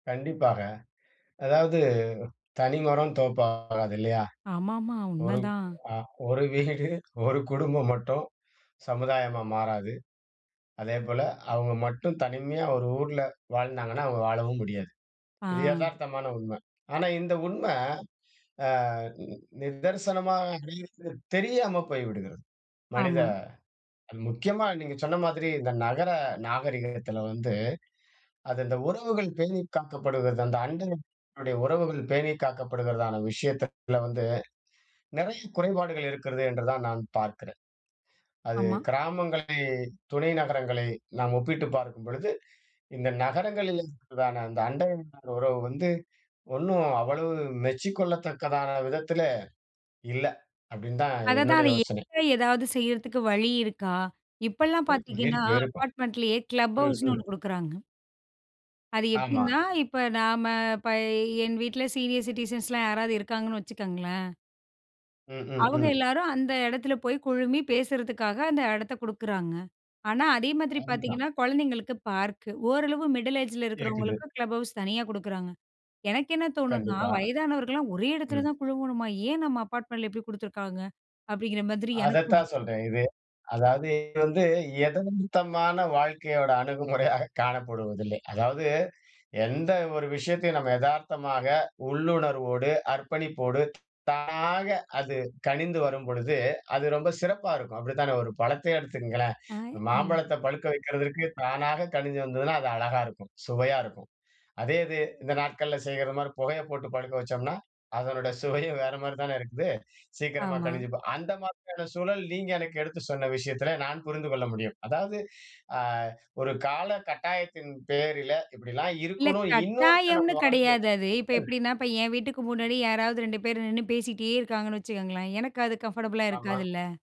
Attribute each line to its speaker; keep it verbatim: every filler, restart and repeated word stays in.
Speaker 1: கண்டிப்பாங்க. அதாவது தனி மரம் தோப்பாகாது. இல்லையா?
Speaker 2: ஆமாமா,
Speaker 1: ஒரு
Speaker 2: உண்மதான்.
Speaker 1: ஒரு வீடு ஒரு குடும்பம் மட்டும் சமுதாயமா மாறாது. அதேபோல அவுங்க மட்டும் தனிமையா ஒரு ஊர்ல வாழ்ந்தாங்கன்னா, அவுங்க வாழவும் முடியாது. இது
Speaker 2: ஆ.
Speaker 1: எதார்த்தமான உண்ம. ஆனா, இந்த உண்ம அ, நிதர்சனமாகிறது தெரியாம போய்விடுகிறது மனித
Speaker 2: ஆமா.
Speaker 1: முக்கியமா நீங்க சொன்ன மாதிரி இந்த நகர நாகரீகத்துல வந்து, அது இந்த உறவுகள் பேணி காக்கப்படுகிறது. அந்த அண்டைய உறவுகள் பேணி காக்கப்படுகிறதான விஷயத்தில வந்து நெறைய குறைபாடுகள் இருக்கிறது என்றுதான் நான் பார்க்கிறேன். அது
Speaker 2: ஆமா.
Speaker 1: கிராமங்களை துணை நகரங்களை நாம் ஒப்பிட்டு பார்க்கும்பொழுது இந்த நகரங்களில் இருக்கதான அந்த அண்ட உறவு வந்து ஒண்ணு அவ்வளவு மெச்சுக் கொள்ளத்தக்கதான விதத்தில இல்ல. அப்டின்னு தான்
Speaker 2: அததான்,
Speaker 1: என்னுடைய
Speaker 2: அதை
Speaker 1: யோசனை.
Speaker 2: எங்க ஏதாவது செய்றதுக்கு வழி இருக்கா? இப்பெல்லாம்
Speaker 1: இருக்
Speaker 2: பாத்தீங்கன்னா,
Speaker 1: இருக்கும் இருக்கும்.
Speaker 2: அப்பார்ட்மெண்ட்லயே கிளப்
Speaker 1: ம்.
Speaker 2: ஹவுஸ்னு
Speaker 1: ம்.
Speaker 2: ஒண்ணு குடுக்குறாங்க. அது
Speaker 1: ஆமா.
Speaker 2: எப்டின்னா, இப்ப நாம்ம இப்ப என் வீட்ல சீனியர் சிட்டிசன்ஸ்லாம் யாராவது இருக்காங்கன்னு, வச்சுக்கங்களேன்.
Speaker 1: ம். ம்.
Speaker 2: அவுங்க
Speaker 1: ம்.
Speaker 2: எல்லாரும் அந்த எடத்துல போயி குழுமி பேசுறதுக்காக, அந்த எடத்த கொடுக்குறாங்கங்க. ஆனா, அதே மாதிரி
Speaker 1: கண்டிப்பா.
Speaker 2: பார்த்தீங்கன்னா கொழந்தைங்களுக்கு பார்க். ஓரளவு மிடில் ஏஜில
Speaker 1: இருக்குது.
Speaker 2: இருக்கிறவங்களுக்கு கிளப் ஹவுஸ் தனியா குடுக்குறாங்க. எனக்கு என்ன தோணுனா
Speaker 1: கண்டிப்பா.
Speaker 2: வயதானவர்கள்லாம் ஒரே எடத்துல
Speaker 1: ம்.
Speaker 2: தான் குழுவணுமா? ஏன் நம்ம அப்பார்ட்மெண்ட்ல இப்டி குடுத்துருக்காங்க அப்டிங்கிற மாதிரி எனக்கும் இருக்கு.
Speaker 1: அதத்தான் சொல்றேன் இது. அதாவது இது வந்து எதார்த்தமான வாழ்க்கையோட அணுகுமுறையாக காணப்படுவதில்லை. அதாவது எந்த ஒரு விஷயத்தையும் நம்ம எதார்த்தமாக, உள்ளுணர்வோடு, அர்ப்பணிப்போடு, தானாக அது கனிந்து வரும்பொழுது, அது ரொம்ப சிறப்பா இருக்கும். அப்டி தானே ஒரு பழத்த எடுத்துக்கங்களேன்
Speaker 2: ஆ, அ.
Speaker 1: மாம்பழத்த பழுக்க வெக்கிறதுக்கு தானாக கனிஞ்சி வந்ததுனா, அது அழகா இருக்கும். சுவையா இருக்கும். அதே இது இந்த நாட்கள்ல செய்வது மாதிரி புகையை போட்டு பழுக்க வச்சோம்னா, அதனுடைய சுவையும் வேற மாதிரி தானே இருக்குது சீக்கிரமா
Speaker 2: ஆமா,
Speaker 1: கனிஞ்சி, ப அந்த மாதிரியான சூழல் நீங்க எனக்கு எடுத்து சொன்ன விஷயத்துல நான் புரிந்து கொள்ள முடியும். அதாவது, அ, ஒரு கால கட்டாயத்தின் பேரில இப்டிலாம்
Speaker 2: இல்ல.
Speaker 1: இருக்கணும் இன்னொருத்தன்
Speaker 2: கட்டாயம்னு
Speaker 1: வாழ்வில்,
Speaker 2: கெடையாது அது. இப்ப எப்டின்னா, இப்ப ஏன் வீட்டுக்கு முன்னாடி யாராவது ரெண்டு பேரு நின்னு பேசிகிட்டே இருக்காங்கன்னு வச்சுக்கங்களேன். எனக்கு அது கம்ஃபர்டபுளா
Speaker 1: ஆமா.
Speaker 2: இருக்காதுல்ல.